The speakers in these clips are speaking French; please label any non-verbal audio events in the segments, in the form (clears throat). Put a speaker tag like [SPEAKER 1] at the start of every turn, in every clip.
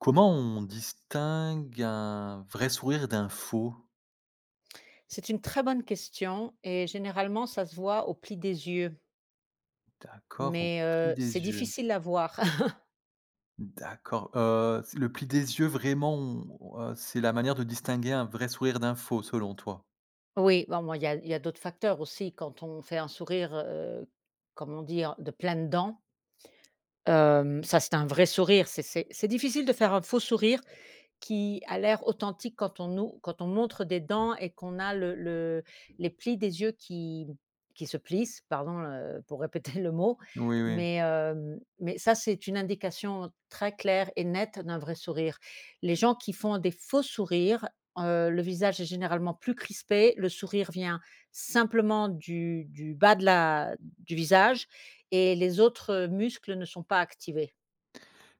[SPEAKER 1] Comment on distingue un vrai sourire d'un faux?
[SPEAKER 2] C'est une très bonne question et généralement ça se voit au pli des yeux
[SPEAKER 1] D'accord, au
[SPEAKER 2] mais
[SPEAKER 1] pli
[SPEAKER 2] heu, c'est
[SPEAKER 1] des yeux.
[SPEAKER 2] difficile à voir. (chuckles)
[SPEAKER 1] D'accord, heu, c'est, le pli des yeux vraiment on heu, c'est la manière de distinguer un vrai sourire d'un faux selon toi?
[SPEAKER 2] Oui, bon, ben, il y a il y a d'autres facteurs aussi quand on fait un sourire, heu, comme on dit en «De pleines dents». Hem, ça, c'est un vrai sourire. C'est c'est c'est difficile de faire un faux sourire qui a l'air authentique quand on nous quand on montre des dents et qu'on a le le les plis des yeux qui qui se plissent, pardon, heu, pour répéter le mot
[SPEAKER 1] Oui, oui.
[SPEAKER 2] mais hem, mais ça c'est une indication très claire et nette d'un vrai sourire. Les gens qui font des faux sourires, heu, le visage est généralement plus crispé, le sourire vient simplement du du bas de la du visage et les autres muscles ne sont pas activés.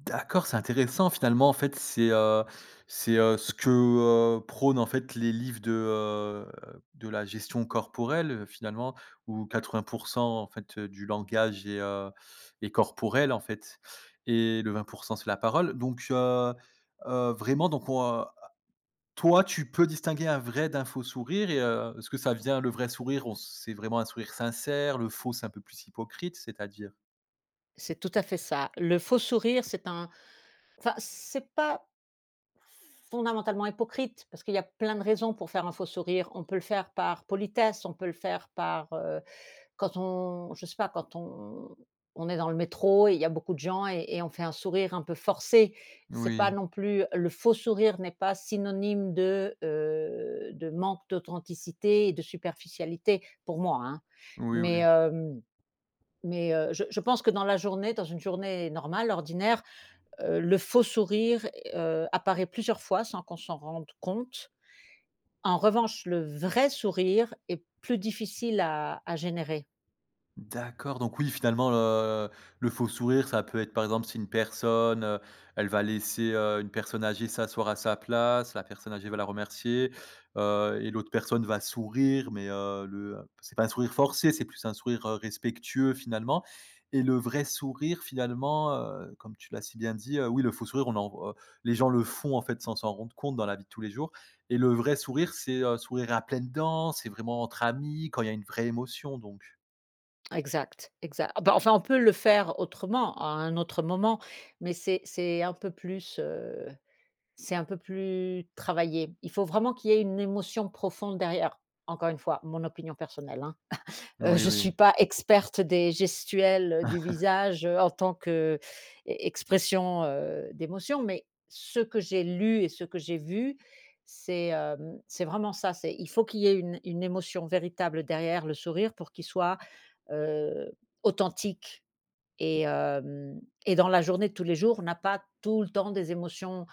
[SPEAKER 1] D'accord, c'est intéressant, finalement, en fait, c'est, heu c'est, heu, ce que, heu, prônent en fait les livres de, heu, de la gestion corporelle, heu, finalement, où 80 %, en fait, du langage est, heu, est corporel, en fait et le 20 % c'est la parole, donc heu, vraiment donc on, heu heu, toi, tu peux distinguer un vrai, d'un faux sourire et heu, est-ce que ça vient le vrai sourire on c c'est vraiment un sourire sincère, le faux, c'est un peu plus hypocrite, c'est-à-dire?
[SPEAKER 2] C'est tout à fait ça. Le faux sourire c'est un enfin c'est pas fondamentalement hypocrite parce qu'il y a plein de raisons pour faire un faux sourire. On peut le faire par politesse. On peut le faire par heu, quand on je sais pas, quand on on est dans le métro et il y a beaucoup de gens et et on fait un sourire un peu forcé. C'est pas
[SPEAKER 1] Oui.
[SPEAKER 2] non plus le faux sourire n'est pas synonyme de, heu, de manque d'authenticité et de superficialité, pour moi, hein.
[SPEAKER 1] Oui,
[SPEAKER 2] Mais
[SPEAKER 1] oui.
[SPEAKER 2] hem mais heu, je je pense que dans la journée, dans une journée normale, ordinaire, heu, le faux sourire, heu, apparaît plusieurs fois sans qu'on s'en rende compte. En revanche, le vrai sourire est plus difficile à à générer.
[SPEAKER 1] D'accord, donc oui finalement le le faux sourire ça peut être par exemple si une personne elle va laisser, heu, une personne âgée s'asseoir à sa place, la personne âgée va la remercier, heu et l'autre personne va sourire mais, heu, le c'est pas un sourire forcé, c'est plus un sourire respectueux finalement. Et le vrai sourire finalement, heu, comme tu l'as si bien dit oui le faux sourire on en voit les gens le font en fait sans s'en rendre compte dans la vie de tous les jours et le vrai sourire c'est, heu, sourire à pleines dents, c'est vraiment entre amis quand il y a une vraie émotion donc.
[SPEAKER 2] Exact, exact. Ah, bah enfin on peut le faire autrement à un autre moment mais c'est c'est un peu plus, heu, c'est un peu plus travaillé. Il faut vraiment qu'il y ait une émotion profonde derrière, encore une fois mon opinion personnelle, hein. (chuckles) Heu,
[SPEAKER 1] Oui
[SPEAKER 2] je suis
[SPEAKER 1] oui.
[SPEAKER 2] pas experte des gestuelles du
[SPEAKER 1] (laughs)
[SPEAKER 2] visage en tant qu'e expression heu, d'émotions, mais ce que j'ai lu et ce que j'ai vu, c'est, hem, c'est vraiment ça. C'est il faut qu'il y ait une une émotion véritable derrière le sourire pour qu'il soit, heu, authentique et hem et dans la journée de tous les jours, on n'a pas tout le temps des émotions,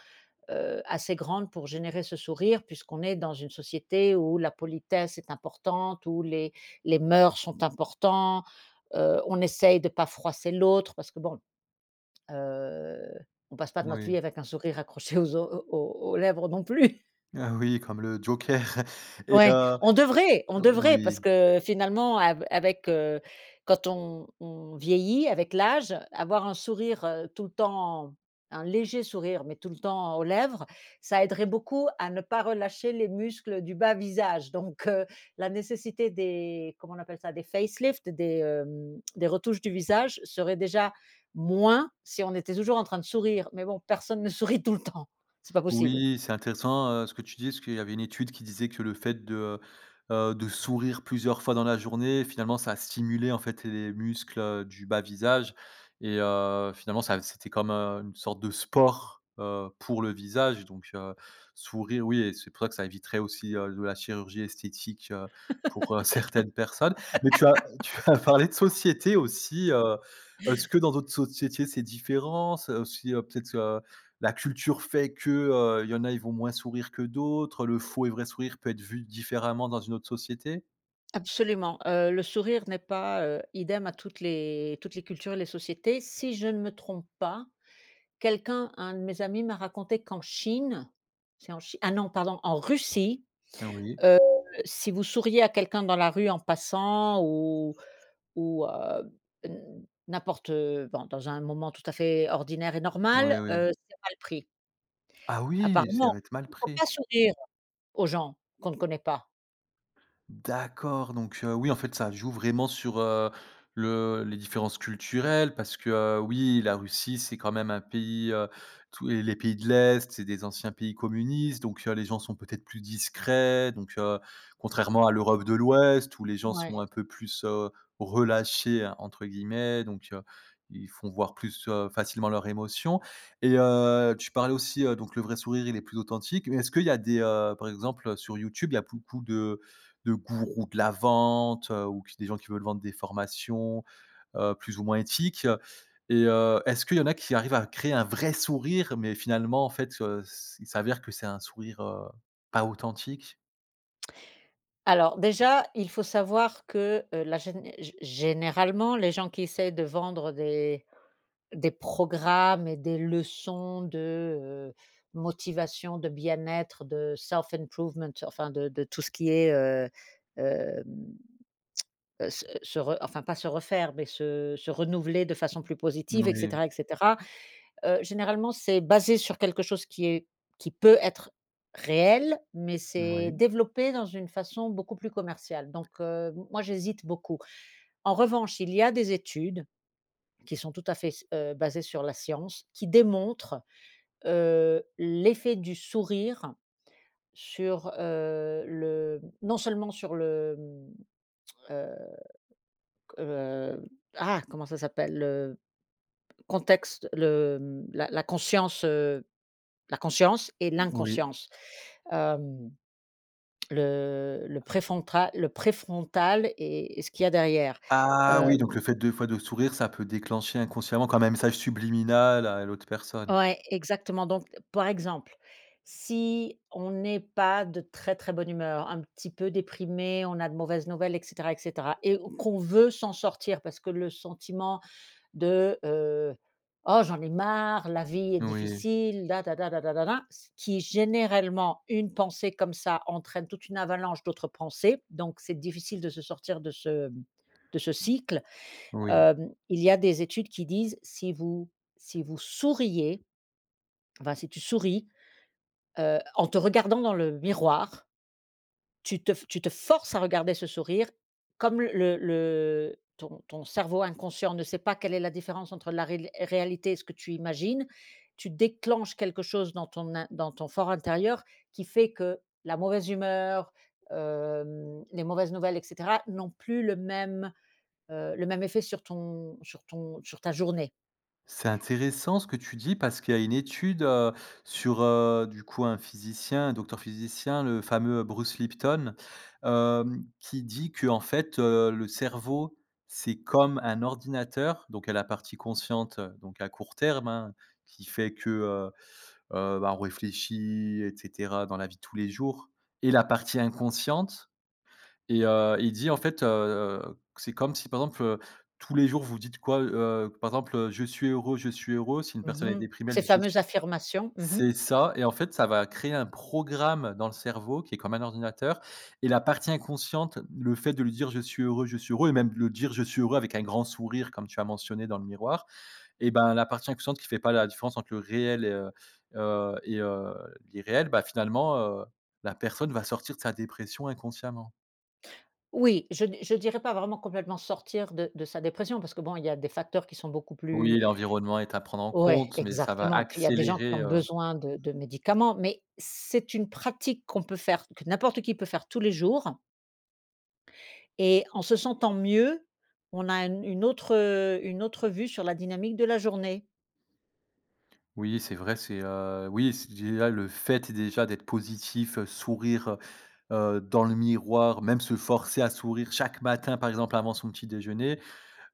[SPEAKER 2] heu, assez grandes pour générer ce sourire puisqu'on est dans une société où la politesse est importante, où les les mœurs sont importants, heu, on essaye de pas froisser l'autre parce que bon, heu, on passe pas notre
[SPEAKER 1] Oui.
[SPEAKER 2] vie avec un sourire accroché aux o aux aux lèvres non plus.
[SPEAKER 1] Ah oui comme le joker et
[SPEAKER 2] Ouais,
[SPEAKER 1] heu
[SPEAKER 2] on devrait, on devrait parce
[SPEAKER 1] oui.
[SPEAKER 2] que finalement av avec, heu quand on on vieillit avec l'âge, avoir un sourire heu, tout le temps un léger sourire mais tout le temps aux lèvres, ça aiderait beaucoup à ne pas relâcher les muscles du bas visage donc heu, la nécessité des comment on appelle ça? Des facelift des, hem, des retouches du visage serait déjà moins si on était toujours en train de sourire mais bon, personne ne sourit tout le temps, c'est pas possible.
[SPEAKER 1] Oui, c'est intéressant ce que tu dis parce qu'il y avait une étude qui disait que le fait de heu, heu de sourire plusieurs fois dans la journée finalement ça stimulait en fait les muscles du bas visage et heu, finalement ça, c'était comme heu, une sorte de sport, heu, pour le visage donc heu, sourire oui et c'est pour ça que ça éviterait aussi heu, de la chirurgie esthétique, heu, pour heu, certaines personnes. Mais tu as
[SPEAKER 2] (laughs)
[SPEAKER 1] tu as parlé de société aussi, heu, est-ce ce que dans d'autres sociétés c'est différence, aussi heu, peut-être heu, la culture fait que heu, il y en a, ils vont moins sourire que d'autres, le faux et vrai sourire peut être vu différemment dans une autre société?
[SPEAKER 2] Absolument, heu, le sourire n'est pas, heu, idem à toutes les toutes les cultures et les sociétés. Si je ne me trompe pas, quelqu'un, un de mes amis, m'a raconté qu'en Chine c'est en Chine? Ah non! pardon, en Russie,
[SPEAKER 1] Ah oui.
[SPEAKER 2] heu, si vous souriez à quelqu'un dans la rue en passant ou ou heu, n'importe heu, bon dans un moment tout à fait ordinaire et
[SPEAKER 1] Oui,
[SPEAKER 2] normal,
[SPEAKER 1] oui.
[SPEAKER 2] heu, c'est mal pris.
[SPEAKER 1] Ah oui ça
[SPEAKER 2] Apparemment.
[SPEAKER 1] va être mal
[SPEAKER 2] Il faut
[SPEAKER 1] pris?
[SPEAKER 2] pas sourire, aux gens, qu'on ne connaît pas.
[SPEAKER 1] D'accord, donc oui, en fait, ça joue vraiment sur, heu, le les différences culturelles parce que heu, oui, la Russie, c'est quand même un pays, heu, tous et les pays de l'Est, c'est des anciens pays communistes donc heu, les gens sont peut-être plus discrets, donc, heu, contrairement à l'Europe de l'Ouest où les gens
[SPEAKER 2] Ouais.
[SPEAKER 1] sont un peu plus heu, «relâchés» entre guillemets donc heu, ils font voir plus heu, facilement leurs émotions. Et heu, tu parlais aussi heu Donc le vrai sourire il est plus authentique mais est-ce qu'il y a des, heu par exemple, sur YouTube, il y a beaucoup de de gourous de la vente ou qui des gens qui veulent vendre des formations, heu, plus ou moins éthiques et heu, est-ce qu'il y en a qui arrivent à créer un vrai sourire mais finalement en fait, heu, c' il s'avère que c'est un sourire heu, pas authentique?
[SPEAKER 2] Alors déjà, il faut savoir que la géné gé généralement, les gens qui essaient de vendre des des programmes et des leçons de, heu, motivation, de bien-être, de self improvement, enfin de de tout ce qui est, heu, hem heu, se se re enfin pas se refaire, mais se se renouveler de façon plus positive, et
[SPEAKER 1] Oui.
[SPEAKER 2] cetera, et cetera. Heu, généralement, c'est basé sur quelque chose qui est qui peut être réel, mais s'est
[SPEAKER 1] Oui.
[SPEAKER 2] développé dans une façon beaucoup plus commerciale. Donc heu, m moi j'hésite beaucoup. En revanche, il y a des études qui sont tout à fait s heu, basées sur la science, qui démontrent, heu, l'effet du sourire sur, heu, le, non seulement sur le, hem ah! Heu, co ah! Comment ça s'appelle? Le contexte le la la conscience, heu, la conscience et
[SPEAKER 1] Oui.
[SPEAKER 2] l'inconscience. Hem, le le préfrontal le préfrontal et ce qu'il y a derrière.
[SPEAKER 1] Ah oui, donc le
[SPEAKER 2] Hem
[SPEAKER 1] fait des fois de sourire ça peut déclencher inconsciemment comme un message subliminal à l'autre personne.
[SPEAKER 2] Ouais, exactement, donc par exemple, si on n'est pas de très, très bonne humeur, un petit peu déprimé, on a de mauvaises nouvelles et cetera, et cetera et qu'on veut s'en sortir parce que le sentiment de, heu: «Oh j'en ai marre, la vie est
[SPEAKER 1] Oui.
[SPEAKER 2] difficile», la tada da da da da, ce qui, généralement, une pensée comme ça entraîne toute une avalanche d'autres pensées. Donc, c'est difficile de se sortir de ce de ce cycle.
[SPEAKER 1] Oui.
[SPEAKER 2] Hem, il y a des études qui disent: «Si vous si vous souriez» enfin si tu souris, heu, en te regardant dans le miroir tu te tu te forces à regarder ce sourire. Comme le le ton ton cerveau inconscient ne sait pas quelle est la différence entre la rél réalité et ce que tu imagines, tu déclenches quelque chose dans ton in dans ton for intérieur qui fait que, la mauvaise humeur, heu, les mauvaises nouvelles et cetera, n'ont plus le même, heu, le même effet sur ton sur ton sur ta journée.
[SPEAKER 1] C'est intéressant ce que tu dis parce qu'il y a une étude, heu, sur, heu, du coup un physicien, un docteur physicien, le fameux Bruce Lipton, heu, qui dit que, en fait heu: «Le cerveau, c'est comme un ordinateur» donc il y a la partie consciente, donc à court terme, hein, qui fait que, heu, heu, bah on réfléchit et cetera dans la vie de tous les jours et la partie inconsciente. Et heu, il dit en fait, heu, c'est comme si par exemple tous les jours vous dites quoi heu, par exemple heu: «Je suis heureux, je suis heureux», si une
[SPEAKER 2] Mmh
[SPEAKER 1] personne elle est
[SPEAKER 2] mh,
[SPEAKER 1] déprimée elle
[SPEAKER 2] ces
[SPEAKER 1] dit: «je suis»
[SPEAKER 2] fameuses affirmations, mmh mh.
[SPEAKER 1] c'est ça, et en fait ça va créer un programme dans le cerveau qui est comme un ordinateur et la partie inconsciente, le fait de lui dire: «Je suis heureux, je suis heureux» et même le dire: «Je suis heureux» avec un grand sourire comme tu as mentionné dans le miroir et ben la partie inconsciente qui fait pas la différence entre le réel et heu heu et heu, l'irréel, bah finalement heu, la personne va sortir de sa dépression inconsciemment.
[SPEAKER 2] Oui, je di je dirais pas vraiment complètement sortir de de sa dépression parce que bon il y a des facteurs qui sont beaucoup
[SPEAKER 1] Oui,
[SPEAKER 2] plus
[SPEAKER 1] l'environnement est à prendre en
[SPEAKER 2] Ouais,
[SPEAKER 1] compte, mais ça va
[SPEAKER 2] exactement, puis il y a des gens qui
[SPEAKER 1] accélérer,
[SPEAKER 2] ont
[SPEAKER 1] heu
[SPEAKER 2] besoin de de médicaments mais c'est une pratique qu'on peut faire, que n'importe qui peut faire tous les jours et en se sentant mieux, on a un une autre une autre vue sur la dynamique de la journée.
[SPEAKER 1] Oui, c'est vrai, c'est, heu, oui, c'est déjà le fait déjà d'être positif, heu, sourire, heu, heu, dans le miroir, même se forcer à sourire chaque matin, par exemple avant son petit déjeuner.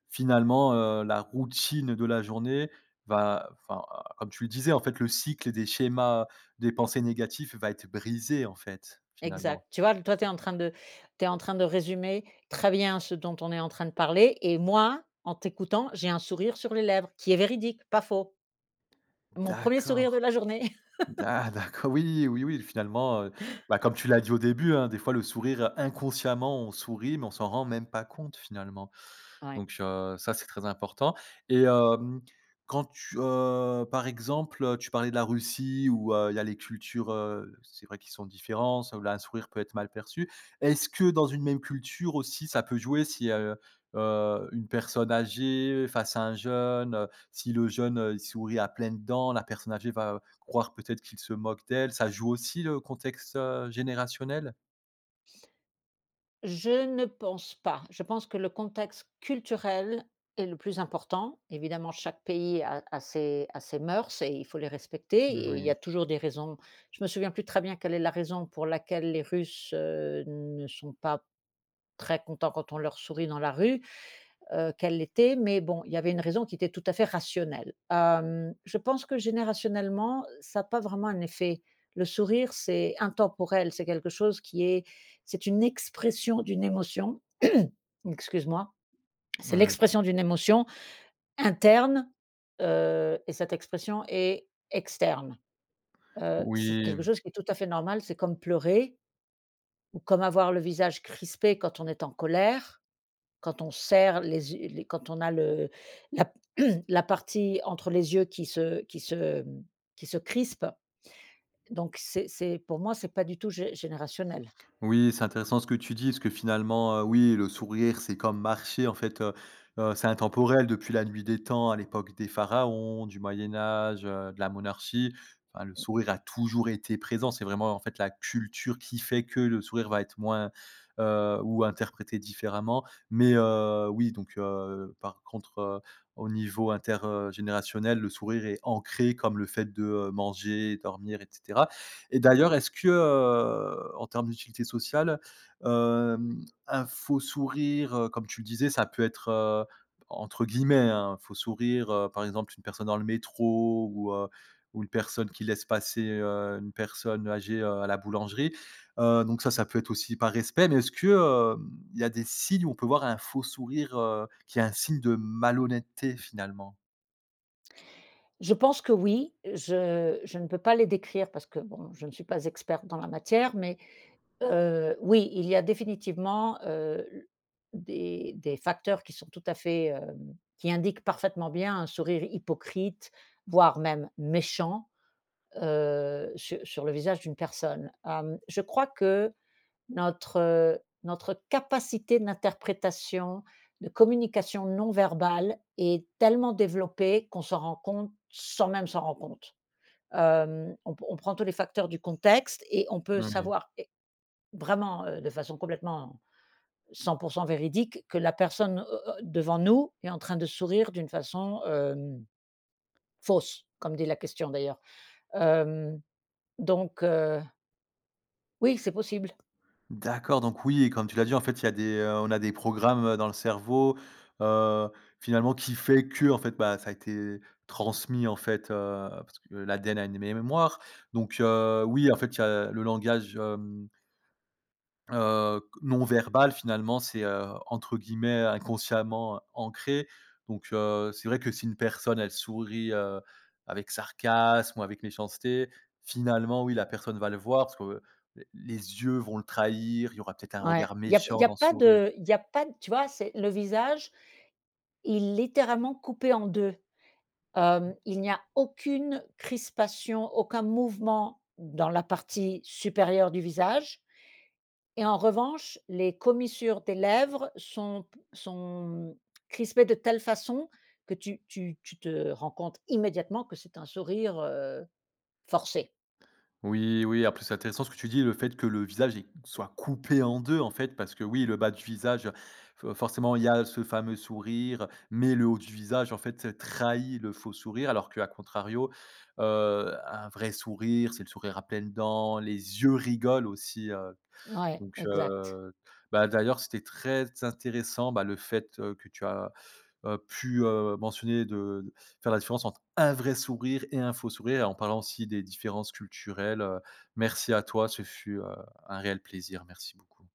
[SPEAKER 1] Finalement, heu, la routine de la journée va, enfin comme tu le disais: «En fait, le cycle des schémas des pensées négatifs va être brisé», en fait, finalement.
[SPEAKER 2] Exact tu vois? Toi tu es en train de tu es en train de résumer très bien ce dont on est en train de parler et moi en t'écoutant j'ai un sourire sur les lèvres qui est véridique pas faux. Mon 1er sourire de
[SPEAKER 1] D'accord
[SPEAKER 2] la journée. (chuckles)
[SPEAKER 1] d'a d'acco oui, oui, oui, finalement, heu, bah, comme tu l'as dit au début hein: «Des fois, le sourire, inconsciemment, on sourit, mais on s'en rend même pas compte finalement»
[SPEAKER 2] Ouais.
[SPEAKER 1] donc heu, ça, c'est très important et hem, quand tu, heu, par exemple, tu parlais de la Russie où, heu, il y a les cultures, heu, c'est vrai qu'ils sont différents, ça où la un sourire peut être mal perçu. Est-ce que dans une même culture aussi, ça peut jouer si, heu, heu, une personne âgée face à un jeune, heu, si le jeune, heu, il sourit à pleines dents, la personne âgée va croire peut-être qu'il se moque d'elle, ça joue aussi le contexte, heu, générationnel?
[SPEAKER 2] Je ne pense pas. Je pense que le contexte culturel est le plus important. Évidemment chaque pays a a ses a ses mœurs et il faut les respecter et il y
[SPEAKER 1] Moui.
[SPEAKER 2] a toujours des raisons. Je me souviens plus très bien quelle est la raison pour laquelle les Russes, heu, ne sont pas très contents quand on leur sourit dans la rue, heu, quelle l'était? Mais bon il y avait une raison qui était tout à fait rationnelle. Hem, je pense que générationnellement ça a pas vraiment un effet. Le sourire, c'est intemporel, c'est quelque chose qui est, c'est une expression d'une émotion. (clears throat) Excuse moi. C'est
[SPEAKER 1] Mouais, b
[SPEAKER 2] l'expression d'une émotion interne, heu et cette expression est externe, heu, c'est
[SPEAKER 1] Oui
[SPEAKER 2] quelque
[SPEAKER 1] m
[SPEAKER 2] chose qui est tout à fait normal. C'est comme pleurer ou comme avoir le visage crispé quand on est en colère, quand on serre les yeux les quand on a le la p la partie entre les yeux qui se qui se, hem, qui se crispe, donc c'est c'est pour moi c'est pas du tout gé générationnel.
[SPEAKER 1] Oui, c'est intéressant ce que tu dis parce que finalement, heu, oui le sourire c'est comme marcher. En fait, heu, heu, c'est intemporel depuis la nuit des temps à l'époque des pharaons du moyen âge, heu, de la monarchie enfin le
[SPEAKER 2] Mmh.
[SPEAKER 1] sourire a toujours été présent. C'est vraiment en fait la culture qui fait que le sourire va être moins, heu ou interprété différemment mais heu, oui, donc heu, par contre, heu, au niveau inter, heu, générationnel, le sourire est ancré comme le fait de, heu, manger, dormir, et cetera et d'ailleurs, est
[SPEAKER 2] (unintelligible)
[SPEAKER 1] ce que, heu, en termes d'utilité sociale, hem, un faux sourire, heu, comme tu disais, ça peut être, heu, entre guillemets, hein «un faux sourire», heu, par exemple, une personne dans le métro ou heu, ou une personne qui laisse passer, heu, une personne âgée, heu, à la boulangerie. Heu, donc ça ça peut être aussi par respect mais est ce que, hem, il y a des signes où on peut voir un faux sourire, heu, qui est un signe de malhonnêteté finalement?
[SPEAKER 2] Je pense que oui, je je ne peux pas les décrire parce que bon je ne suis pas experte dans la matière, mais heu, oui il y a définitivement, heu, l des des facteurs qui sont tout à fait, hem, qui indiquent parfaitement bien un sourire hypocrite voire même méchant, heu, su sur le visage d'une personne. Hem, je crois que notre, heu, notre capacité d'interprétation, de communication non verbale est tellement développée qu'on s'en rend compte sans même s'en rendre compte. Hem, on p on prends tous les facteurs du contexte et on peut
[SPEAKER 1] Oui.
[SPEAKER 2] savoir et vraiment, heu, de façon complètement 100 % véridique que la personne, heu, heu, devant nous est en train de sourire d'une façon, hem, fausse comme dit la question d'ailleurs. Hem, donc heu Oui c'est possible.
[SPEAKER 1] D'accord donc oui et comme tu l'as dit en fait il y a des, heu, on a des programmes dans le cerveau, heu, finalement, qui fait que, en fait, bah, ça a été transmis en fait, heu, parce que l'ADN a une mé mémoire donc heu, oui, en fait, il y a le langage, hem heu, q non verbal. Finalement, c'est, heu, entre guillemets «inconsciemment ancré» donc heu, c'est vrai que si une personne, elle sourit, heu, avec sarcasme ou avec méchanceté, finalement, oui, la personne va le voir parce que les les yeux vont le trahir. Il y aura peut-être un
[SPEAKER 2] Ouais
[SPEAKER 1] regard
[SPEAKER 2] il y a p il
[SPEAKER 1] méchant
[SPEAKER 2] y a
[SPEAKER 1] dans ce
[SPEAKER 2] pas
[SPEAKER 1] sourire.
[SPEAKER 2] de il y a pas tu vois, c'est le visage il littéralement coupé en 2. Hem, il n'y a aucune crispation aucun mouvement dans la partie supérieure du visage et en revanche les commissures des lèvres sont p sont crispées de telle façon que tu tu tu te rends compte immédiatement que c'est un sourire, heu, forcé.
[SPEAKER 1] Oui, oui après c'est intéressant ce que tu dis le fait que le visage est soit coupé en 2. En fait, parce que oui, le bas du visage, heu, fo forcément, il y a ce fameux sourire, mais le haut du visage, en fait, trahi le faux sourire. Alors qu'à contrario, heu, un vrai sourire, c'est le sourire à pleines dents. Les yeux rigolent aussi, heu,
[SPEAKER 2] Ouais
[SPEAKER 1] donc
[SPEAKER 2] exact.
[SPEAKER 1] heu, bah, d'ailleurs c'était très intéressant, bah, le fait, heu, que tu as, heu, pu, heu, mentionner de faire la différence entre un vrai sourire et un faux sourire et en parlant aussi des différences culturelles, heu, merci à toi ce fut, heu, un réel plaisir merci beaucoup.